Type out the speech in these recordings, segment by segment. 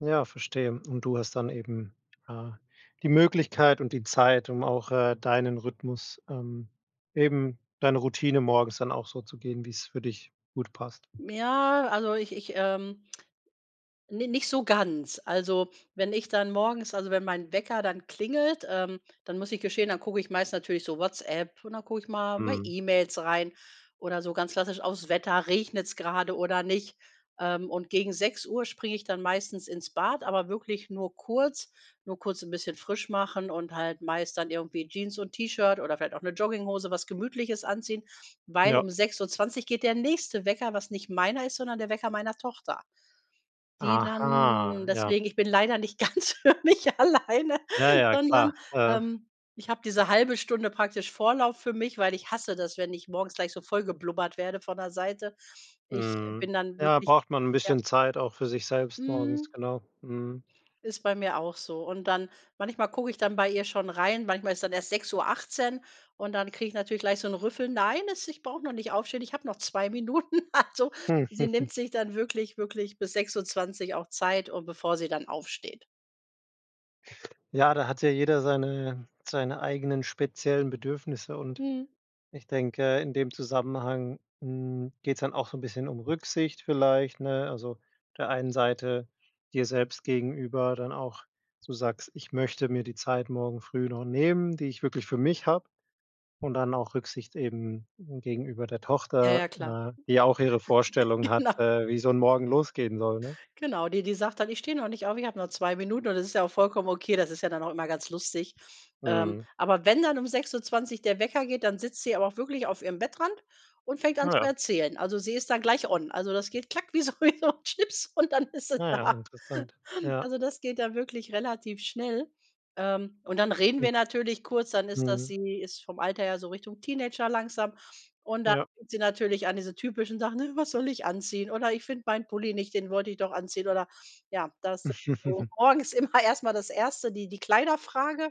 Ja, verstehe. Und du hast dann eben, äh, die Möglichkeit und die Zeit, um auch, äh, deinen Rhythmus, ähm, eben deine Routine morgens dann auch so zu gehen, wie's für dich gut passt. Ja, also, ich ich, ähm ni nicht so ganz. Also, wenn ich dann morgens also, wenn mein Wecker dann klingelt, ähm, dann muss ich gestehen, dann gucke ich meist natürlich so WhatsApp und dann gucke ich mal bei Mhm. E-Mails rein oder so ganz klassisch auf's Wetter. Regnet's gerade oder nicht? Ähm, und gegen 6:00 springe ich dann meistens ins Bad, aber wirklich nur kurz. Nur kurz 'n bisschen frisch machen und halt meist dann irgendwie Jeans und T-Shirt oder vielleicht auch 'ne Jogginghose, was Gemütliches anziehen, weil Ja. um 6:20 geht der nächste Wecker, was nicht meiner ist, sondern der Wecker meiner Tochter, die dann Aha, ja. deswegen, ich bin leider nicht ganz für mich alleine, Ja, ja, klar, sondern, äh. ähm, ich habe diese 1/2 Stunde praktisch Vorlauf für mich, weil ich hasse das, wenn ich morgens gleich so vollgeblubbert werde von der Seite. Ich Mhm, bin dann ja, wirklich braucht man 'n ja. bisschen Zeit auch für sich selbst morgens, Mhm genau, mhm. ist bei mir auch so. Und dann manchmal gucke ich dann bei ihr schon rein, manchmal ist dann erst 6:18, und dann kriege ich natürlich gleich so 'n Rüffel: „Nein, es ich brauche noch nicht aufstehen, ich habe noch 2 Minuten.“ Also, sie nimmt sich dann wirklich wirklich bis 6:20 auch Zeit, äh, bevor sie dann aufsteht. Ja, da hat ja jeder seine seine eigenen, speziellen Bedürfnisse, und Mhm. ich denke, in dem Zusammenhang, hm, geht's dann auch so 'n bisschen um Rücksicht vielleicht, ne? Also, auf der einen Seite dir selbst gegenüber dann auch, dass du sagst: „Ich möchte mir die Zeit morgen früh noch nehmen, die ich wirklich für mich habe.“ Und dann auch Rücksicht eben gegenüber der Ja, Tochter, ja, klar. ne, die auch ihre Vorstellung Genau. hat, äh, wie so 'n Morgen losgehen soll, ne? Genau, die die sagt dann: „Ich stehe noch nicht auf, ich habe noch 2 Minuten.“ Und das ist ja auch vollkommen okay, das ist ja dann auch immer ganz lustig. Ähm, Mhm. aber wenn dann um 6:20 der Wecker geht, dann sitzt sie aber auch wirklich auf ihrem Bettrand und fängt an Ah, zu ja. erzählen. Also, sie ist dann gleich on. Also, das geht klack wie so wie so 'n Schnips und dann ist sie Ah, ja, da. interessant, ja. Also, das geht dann wirklich relativ schnell. Ähm, und dann reden Hm. wir natürlich kurz, dann ist das Mhm. sie ist vom Alter her so Richtung Teenager langsam. Und dann Ja. fängt sie natürlich an, diese typischen Sachen: „Äh, was soll ich anziehen?“ Oder: „Ich finde meinen Pulli nicht, den wollte ich doch anziehen.“ Oder ja, das ist sowieso morgens immer erst mal das 1. die die Kleiderfrage.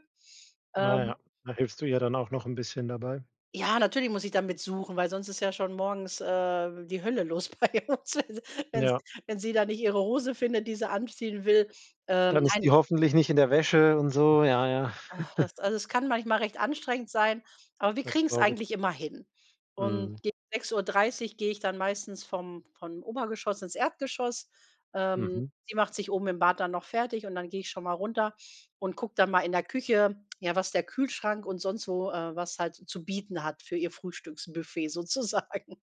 Ah, Ähm ja, da hilfst du ihr dann auch noch 'n bisschen dabei. Ja, natürlich muss ich da mit suchen, weil sonst ist ja schon morgens, äh, die Hölle los bei uns. Also, wenn sie Ja. wenn sie da nicht ihre Hose findet, die sie anziehen will, ähm Dann ist die nein. hoffentlich nicht in der Wäsche und so, ja, ja. Ach, das also, es kann manchmal recht anstrengend sein, aber wir Das kriegen's glaube ich. eigentlich immer hin. Und Mhm. gegen 6:30 gehe ich dann meistens vom von Obergeschoss ins Erdgeschoss. Ähm, Mhm. sie macht sich oben im Bad dann noch fertig, und dann gehe ich schon mal runter und gucke dann mal in der Küche, ja, was der Kühlschrank und sonst wo, äh was halt zu bieten hat für ihr Frühstücksbuffet sozusagen.